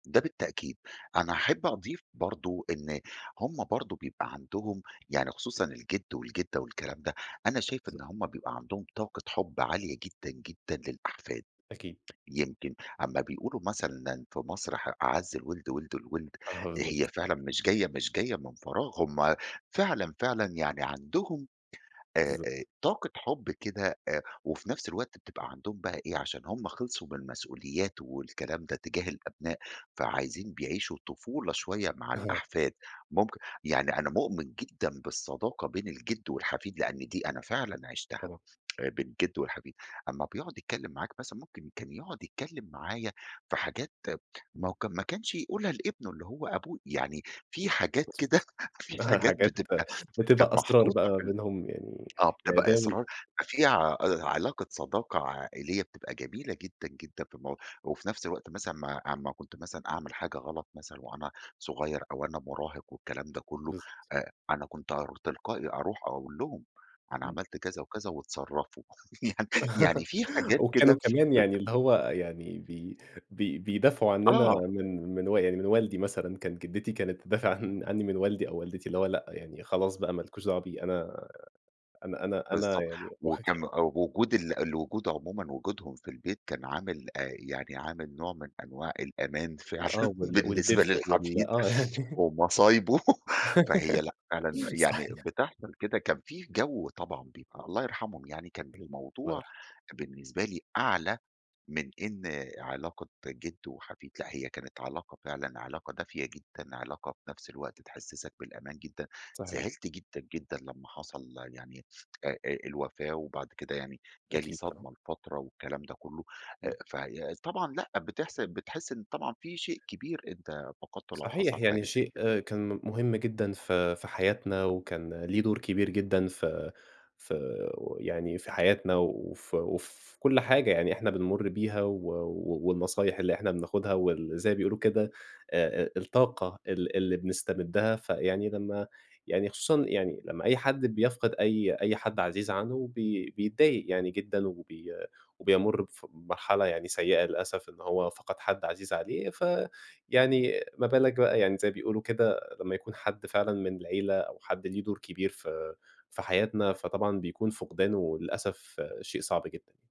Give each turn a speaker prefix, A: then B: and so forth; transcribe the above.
A: ده بالتأكيد، أنا احب أضيف برضه إن هُم برضه بيبقى عندهم يعني خصوصًا الجد والجدة والكلام ده، أنا شايف
B: بالضب
A: إن هُم بيبقى عندهم طاقة حُب عالية جدًا، جدًا، للأحفاد،
B: أكيد.
A: يمكن أمّا بيقولوا مثلًا إن أن في مصر ح "أعز الولد ولد الولد،"
B: آه
A: هي
B: بالضبط.
A: فعلًا مش جاية مش جاية من فراغ هُم فعلًا، فعلًا يعني عندهم آآ،
B: بالضبط.
A: آآ، طاقة حُب كده آآ، وفي نفس الوقت بتبقى عندهم بقى إيه عشان هُم خلصوا من المسؤوليات والكلام ده تجاه الأبناء، فعايزين يعيشوا طفولة شوية مع
B: أها.
A: الأحفاد. ممكن يعني أنا مؤمن جدًا بالصداقة بين الجد والحفيد لأن دي أنا فعلًا عيشتها
B: طبعًا.
A: آآ، بين الجد والحفيد أمّا بيقعُد يتكلم معاك مثلًا ممكن كان يقعُد يتكلم معايا في حاجات ما
B: إمم.
A: وك ما كانش يقول لها لابنه اللي هو أبوي يعني في حاجات كده
B: مضبوط،
A: في
B: أها
A: حاجات
B: حاجات
A: بتبقى
B: بتبقى
A: كانت
B: أسرار بقى
A: محطوطة
B: ما
A: في ال
B: بينهم يعني
A: آه،
B: يعني ده
A: بتبقى
B: ال
A: أسرار ففي ع آآ، علاقة صداقة عائلية بتبقى جميلة جدًا، جدًا، في المو وفي نفس الوقت مثلًا أمّا أمّا كنت مثلًا أعمل حاجة غلط مثلًا وأنا صغيّر أو وأنا مراهق والكلام ده كلّه
B: بالضبط.
A: آآ، أنا كنت أرو تلقائي أروح أقول لهم أنا
B: إمم.
A: عملت كذا وكذا واتصرّفوا يعني يعني في حاجات
B: وكانوا
A: كده
B: كمان
A: بت
B: يعني اللي هو يعني بي بي بيدافعوا عنّنا
A: آه.
B: من من و يعني من والدي مثلًا كانت جدتي كانت تدافع عن عنّي من والدي أو والدتي، اللي هو لأ يعني خلاص بقى ما لكوش دعوة بيه، أنا أنا أنا أنا
A: بالضبط
B: يعني واخك
A: وكان أ وجود ال الوجود عمومًا وجودهم في البيت كان عامل آآ، يعني عامل نوع من أنواع الأمان
B: آه،
A: فعلًا
B: وال
A: بالنسبة
B: والدّفء وال
A: للحفيد،
B: آه
A: ومصايبه فهي لأ فعلًا يعني
B: صحيح.
A: بتحصل كده كان في جَو طبعًا بيبقى الله يرحمهم يعني، كان ج
B: اهم. الله
A: الموضوع
B: يرحمه.
A: بالنسبة لي أعلى من إن علاقة جد وحفيد لأ، هي كانت علاقة فعلًا علاقة دافية جدًا علاقة في نفس الوقت تحسسك بالأمان جدًا،
B: صحيح.
A: زعلت جدًا جدًا لمّا حصل يعني آآ، آآ، الوفاة وبعد كده يعني جالي
B: أكيد ط
A: صدمة لفترة والكلام ده كلّه أ
B: إمم.
A: فهي طبعًا لأ بتحس بتحس إن طبعًا في شيء كبير أنت فقدته لو
B: صحيح،
A: حصل
B: يعني
A: حاجة زي
B: شيء
A: كده.
B: كان م مهم جدًا في في حياتنا وكان ليه دور كبير جدًا ف فو يعني في حياتنا وفي وفي كل حاجة يعني إحنا بنمُر بيها، و و والنصايح اللي إحنا بناخدها واللي زي ما بيقولوا كده آآ، آآ، الطاقة ال اللي بنستمدها، فيعني لمّا يعني خصوصًا يعني لمّا أي حد بيفقد أي أي حد عزيز عنُّه بي بيتضايق يعني جدًا وبي وبيمُر بف بمرحلة يعني سيئة للأسف إن هو فقد حد عزيز عليه، ف يعني ما بالك بقى يعني زي ما بيقولوا كده لمّا يكون حد فعلًا من العيلة أو حد ليه دور كبير في في حياتنا. فطبعًا بيكون فقدانه للأسف شيء صعب جدًا.